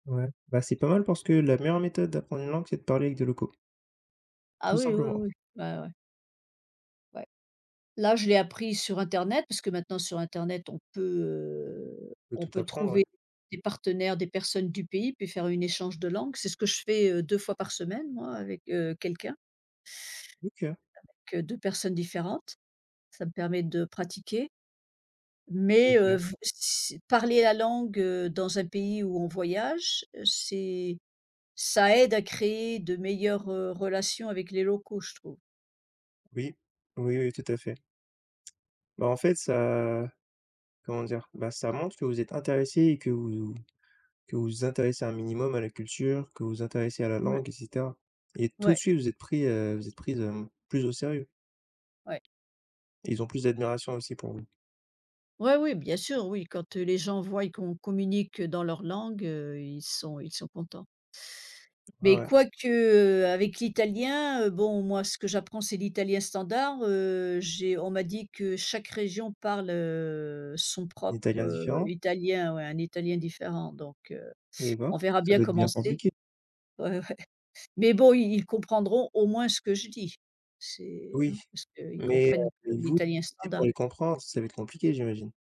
Ouais, bah, c'est pas mal parce que la meilleure méthode d'apprendre une langue c'est de parler avec des locaux. Ah, Tout oui, oui, simplement. oui. Bah, ouais. Ouais. Là, je l'ai appris sur internet puisque maintenant sur internet on peut, heu, On peut on tout peut apprendre, ouais. trouver des partenaires, des personnes du pays puis faire une échange de langue, c'est ce que je fais, heu, 2 fois par semaine moi avec, heu, quelqu'un. OK. Avec, heu, 2 personnes différentes, ça me permet de pratiquer. Mais, heu, OK. v s parler la langue, heu, dans un pays où on voyage, c'est ça aide à créer de meilleures, heu, relations avec les locaux je trouve. Oui, oui, oui tout à fait. Bah en fait ça comment dire? Bah ça montre que vous êtes intéressée et que vous vous que vous intéressez un minimum à la culture, que vous intéressez à la Mouais. langue, et cetera. Et tout de Ouais. suite vous êtes pris heu, vous êtes prise, hem, plus au sérieux. Ouais. Et ils ont plus d'admiration aussi pour vous. Ouais oui, bien sûr. Oui, quand, heu, les gens voient qu'on communique, heu, dans leur langue, heu, ils sont ils sont contents. Ouais, Mais ouais. quoique, heu, avec l'italien, heu, bon, moi ce que j'apprends c'est l'italien standard. Heu, j'ai on m'a dit que chaque région parle, heu, son propre, Italien heu, différent? italien, ouais, un italien différent donc, heu, Et ben. on verra Ça bien doit être comment bien c'est. compliqué? Ouais, ouais. Mais bon, ils ils comprendront au moins ce que je dis, c'est, Oui, hein, parce qu'ils mais, heu, comprennent l mais vous, l'italien té standard. pour les comprendre, ça va être compliqué j'imagine?